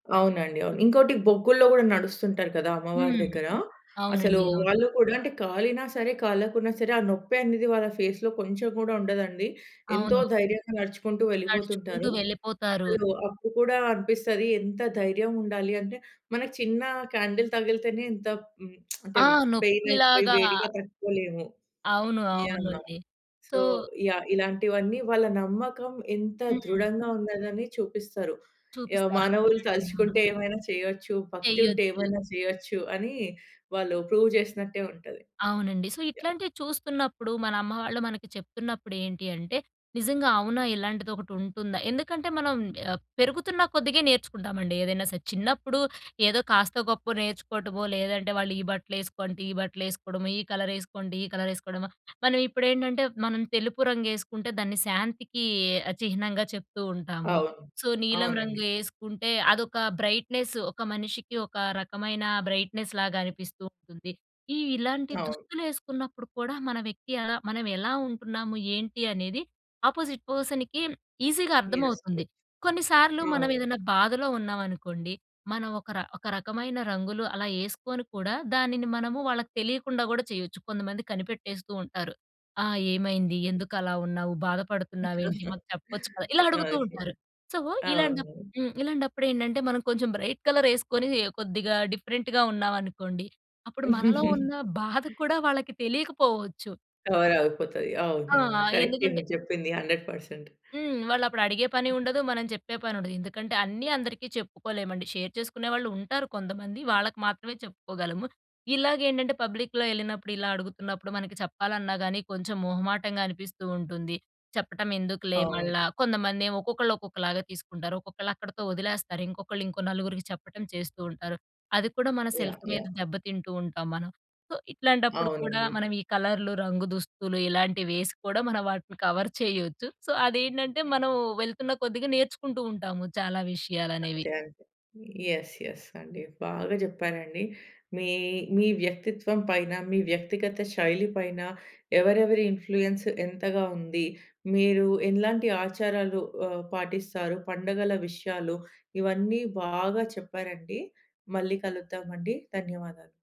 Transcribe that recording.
అవునండి. అవును. ఇంకోటి బొగ్గుల్లో గూడా నడుస్తుంటారు కదా! అమ్మవారి హ్మ్. దగ్గర. అసలు అవునండి, అవును. వాళ్ళు కూడా అంటే, కాలినా సరే! కాలకున్నా సరే! ఆ నొప్పి అనేది వాళ్ళ ఫేస్‌లో కొంచుం గూడా ఉండదండి. ఎంతో అవును. ధైర్యంగా నడుచుకుంటూ నడుచుకుంటూ వెళ్ళిపోతుంటారు. వెళ్ళిపోతారు. అసలూ అప్పుడు కూడా అనిపిస్తది ఎంత ధైర్యం ఉండాలి అంటే, మనకి చిన్నా క్యాండిల్ తగిలితేనే ఎంత ప్ హ్మ్, ఆ! అంటే, పెయినయిపోయి నొప్పిలాగా వేడిగా తట్టుకోలేము. అవును. యాహ్! అవునండి. So so yeah! ఇలాంటివన్నీ వాళ్ళ నమ్మకం ఎంత హ్మ్. ధృడంగా ఉందనని చూపిస్తారు. యాహ్! చూపిస్తారు. మానవులు అవునండి. అవును. తలుచుకుంటే ఏమైనా చెయ్యచ్చు, భక్తి ఉంటే చెయ్యొచ్చు. ఏమైనా చెయ్యొచ్చు అనీ వాళ్ళు ప్రూవ్ జేసినట్టే ఉంటది. అవునండి. So, yeah! ఇట్లాంటివి చూస్తున్నప్పుడు, మనమ్మవాళ్ళు మనకి చెప్తున్నప్పుడేంటి అంటే, "నిజంగా అవునా! ఇలాంటిదొకటుంటుందా?" ఎందుకంటే, మనం ఆహ్, పెరుగుతున్నా కొద్దిగే నేర్చుకుంటామండి ఏదైనా సరే! చిన్నప్పుడు ఏదో కాస్తో, గొప్పో నేర్చుకోటమో, లేదంటే వాళ్ళు ఈ బట్టలేసుకో అంటే ఈ బట్టలేసుకోడమో, ఈ కలరేసుకోంటే ఈ కలరేసుకోడమో. మనవిప్పుడేంటంటే, మనం తెలుపు రంగేసుకుంటే, దాన్ని శాంతికీ ఆహ్, చిహ్నంగా చెప్తూ ఉంటాము. అవును. సో, నీలం రంగు అవునండి. ఏసుకుంటే, అదొకా బ్రైట్‌నెస్సు. ఒక మనిషికి ఒక రకమైన బ్రైట్‌నెస్‌లాగనిపిస్తూ ఉంటుంది. ఈ ఇలాంటి అవును. దుస్తులేసుకున్నప్పుడు కూడా మన వ్యక్తి ఎలా మనవెలా ఉంటున్నాము, ఏంటి అనేది ఆపోజిట్ పర్సన్‌కి ఈజీగా యస్. అర్థమవుతుంది. కొన్నిసార్లు అవును. మనవేదన్నా బాధలో ఉన్నావనుకోండి, మనం ఒక‌ ర ఒక రకమైన రంగులు అలా యేసుకోని కూడా, దానిని మనము వాళ్ళకు తెలియకుండా కూడా చెయొచ్చు. కొంతమంది కనిపెట్టేస్తూ ఉంటారు. ఆ! "ఏమైంది? ఎందుకలా ఉన్నావు? బాధపడుతున్నావేంటి? మాకు చెప్పచ్చు కదా?" ఇలా అడుగుతూ ఓకే. ఉంటారు. సో, ఇలాంటప్ అవును. హ్మ్. ఇలాంటప్పుడేంటంటే, మనం కొంచెం బ్రైట్ కలరేసుకొనీ కొద్దిగా డిఫరెంట్‌గా ఉన్నావనుకోండి, అప్పుడు మనలో ఉన్న బాధ కూడా వాళ్ళకి తెలీకపోవచ్చు. కవరవుపోతది. ఆ! అవునువును. కరక్టే ఎందుకంటే మీరు చెప్పింది 100%. హ్మ్. వాళ్ళప్పుడడిగే పనీ ఉండదు. మనం చెప్పే పనుండదు. ఎందుకంటే, అన్నీ అందరికీ చెప్పుకోలేమండి. షేర్ చేసుకునే వాళ్ళుంటారు కొంతమంది, వాళ్ళకి మాత్రమే చెప్పుకోగలము. ఇలాగేంటంటే, పబ్లిక్‌లో యెళ్ళినప్పుడు, ఇలా అడుగుతున్నప్పుడు, మనకి చెప్పాలన్నా గానీ కొంచం మొహమాటంగా అనిపిస్తూ ఉంటుంది. చెప్పటమెందుకులే అవును. మళ్ళా. కొంతమందేమో ఒక్కొక్కళ్ళు ఒక్కొక్కలాగా తీసుకుంటారు. ఒక్కొక్కళ్ళక్కడతో ఒదిలేస్తారు. ఇంకొకళ్ళు ఇంకో నలుగురికి చెప్పటం చేస్తూ ఉంటారు. అది కూడా మన యాహ్! సెల్ఫ్ మీద యాహ్! దెబ్బతింటూ ఉంటాం మనం. సో, ఇట్లాంటప్పుడు కూడా అవునండి. మనవీ కలర్లు, రంగు దుస్తులు ఇలాంటివేసి కూడా మనవాటిని కవర్ చేయొచ్చు. సో, అదేంటంటే, మనం వెళ్తున్న కొద్దిగా నేర్చుకుంటూ ఉంటాము చాలా విషయాలనేవి. అంతే. అంతే. యస్, యస్ అండి. బాగా చెప్పారండి. మీ మీ వ్యక్తిత్వం పైన, మీ వ్యక్తిగత శైలి పైన ఎవరెవరి ఇన్‌ఫ్లూయెన్స్ ఎంతగా ఉంది, మీరూ ఎలాంటి ఆచారాలు ఆహ్, పాటిస్తారు, పండగల విషయాలు, ఇవన్నీ బాగా చెప్పారండి. మళ్ళీ కలుద్దామండి. ధన్యవాదాలు.